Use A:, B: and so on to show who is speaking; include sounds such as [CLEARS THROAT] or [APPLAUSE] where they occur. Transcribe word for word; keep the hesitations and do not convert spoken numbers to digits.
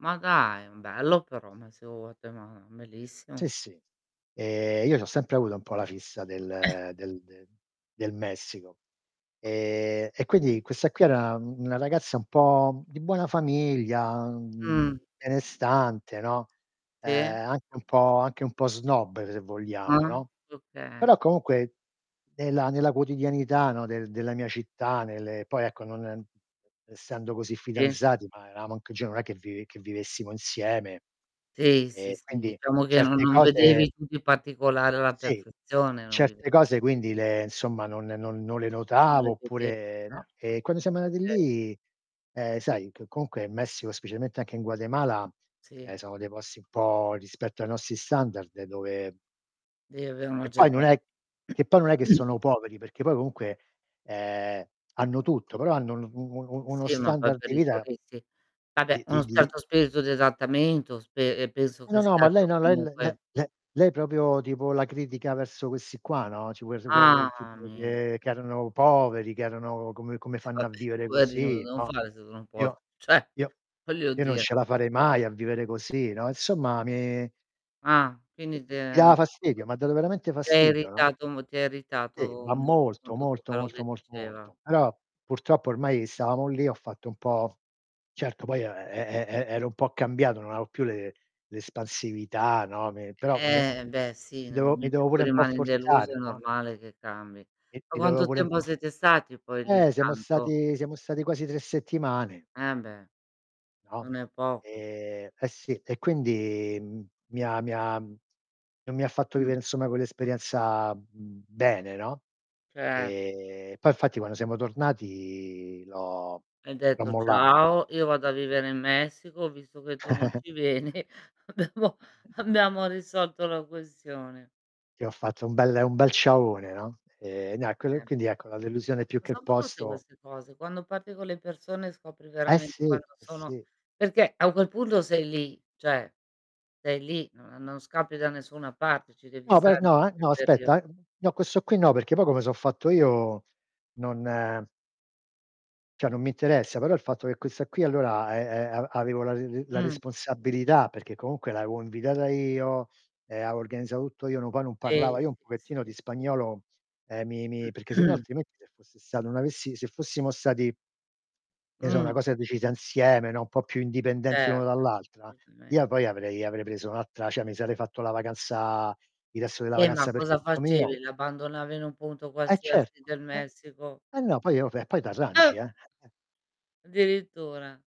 A: Ma dai, bello però, [UNINTELLIGIBLE] ma bellissimo.
B: Sì sì. Ehm, io c'ho sempre avuto un po' la fissa
A: Eh.
B: del del del del Messico, e e
A: Mh.
B: quindi questa qui era un una ragazza un po' di buona famiglia, mhmm,
A: Mh.
B: benestante, no,
A: Si.
B: ehm, anche un po' anche un po' snob se vogliamo,
A: Uh,
B: no;
A: oka.
B: però comunque nella nella quotidianità, no, del della mia città, nelle poi ecco, non essendo così
A: Si.
B: fidanzati, ma eramo anche giovani, non è che vive che vivessimo insieme.
A: Sì, sì,
B: E
A: sì,
B: quindi
A: diciamo che non
B: certe
A: non
B: cose
A: vedevi tutti i particolari alla
B: Sì,
A: perfezione, non
B: certe
A: [UNINTELLIGIBLE]
B: cose quindi le insomma, non non non le
A: Non
B: notavo,
A: le vede
B: oppure no;
A: certo.
B: e quando siamo andati
A: [UNINTELLIGIBLE]
B: lì, ehm, sai, che comunque in Messico specialmente anche in Guatemala,
A: Si.
B: ehm, sono dei posti un po' rispetto ai nostri standard, dove
A: Deve a una
B: Che poi non
A: certa
B: è che poi non è che
A: [CLEARS THROAT]
B: sono poveri, perché poi comunque, ehm, hanno tutto, però hanno un u u u uno
A: Si, ma poi
B: standard
A: per
B: di
A: i
B: vita
A: turisti.
B: di
A: Vabbè
B: di
A: uno
B: di
A: certo spirito di adattamento, spe ehm, penso
B: Eh no,
A: che
B: no, ma
A: serva
B: lei no, le le
A: comunque
B: le le lei propio tipo la critica verso questi qua, no [UNINTELLIGIBLE]
A: Ah
B: tipo
A: mi
B: che erano poveri, che erano "Come come fanno a
A: Vabbè
B: vivere
A: poverino cosa
B: così,"
A: devono
B: no.
A: fare se non può t
B: "Io
A: ceh,
B: io
A: voglio
B: io non
A: dire.
B: ce la farei mai a vivere così," no, insomma mi
A: Ah,
B: E
A: quindi ti
B: mi
A: è
B: dava fastidio, m'ha dato veramente
A: ti ha
B: fastidio, no?
A: irritato molt ti ha
B: Sì,
A: irritato
B: ma
A: molto con
B: molto,
A: tutto
B: molto,
A: quello
B: molto,
A: che
B: molto,
A: diceva.
B: molto. aloa, purtroppo ormai stavamo lì ho fatto un po' certo poi e e e e ero un po' cambiato, non aveo più l'e l'espansività, no, me però [UNINTELLIGIBLE] mi
A: Eh-eh beh sì, nel
B: dovevo mi
A: momento
B: dovevo
A: in
B: pure
A: cui
B: un po'
A: rimani deluso è
B: forzare, no?
A: normale che cambi.
B: Mi
A: Ma
B: mi dovevo
A: quanto
B: pure un
A: tempo
B: po' f
A: siete stati poi lì,
B: eh, siamo
A: tanto?
B: stati siamo stati quasi tre settimane.
A: Eh beh,
B: No,
A: non è poco.
B: e eh, sì, e quindi, mhmm, mi ha mi ha non mi ha fatto
A: Mh.
B: vivere insomma quell'esperienza, mhmm, bene, no.
A: Ce
B: E poi fatti quando siamo tornati l'ho
A: Hai
B: l'ho
A: detto:
B: mollata.
A: "Ciao, io
B: Eh
A: vado a
B: si.
A: vivere in Messico, visto che tu non
B: [CHUCKLES]
A: ci vieni, abbiamo abbiamo risolto la questione."
B: Ti ho fatto un bel un bel ciaone, no. Ehm, no, e quello e
A: Eh
B: quindi
A: beh.
B: ecco, la delusione più
A: Ma
B: che
A: son brutte
B: posto
A: queste cose, quando parti con le persone scopri
B: Eh
A: veramente
B: sì,
A: quando
B: eh
A: sono
B: sì.
A: perché a quel punto sei lì, ceh sei lì, non non scappi da nessuna parte, ci devi
B: No poi
A: stare
B: no
A: per
B: eh,
A: quel
B: no aspetta,
A: periodo.
B: ehm, no questo qui no, perché poi come so fatto io non ceh non mi interessa, però il fatto che questa qui allora, e e av avevo la re re la
A: Mh.
B: responsabilità, perché comunque l'avevo invitata io, ehm, avevo organizzato tutto io, non poi non
A: Si,
B: parlava, io un
A: si,
B: pochettino di
A: si, si, s
B: spagnolo, ehm, mi mi perché sennò
A: [CLEARS THROAT]
B: altrimenti, se fosse stato non avessi se fossimo stati che ne so una
A: Mh.
B: cosa decisa insieme, no, un po' più indipendenti uno
A: Certo,
B: dall'altra, io
A: certamen
B: poi avrei avrei preso un'altra ceh mi sarei fatto la vacanza il resto della
A: Eh, ma
B: vacanza per
A: cosa
B: conto mio.
A: facevi? L'abbandonava in un punto
B: Eh certo.
A: qualsiasi del Messico?
B: Eh no, poi oh eh, poi
A: Eh!
B: t'arrangi eh, eh-eh.
A: Addirittura.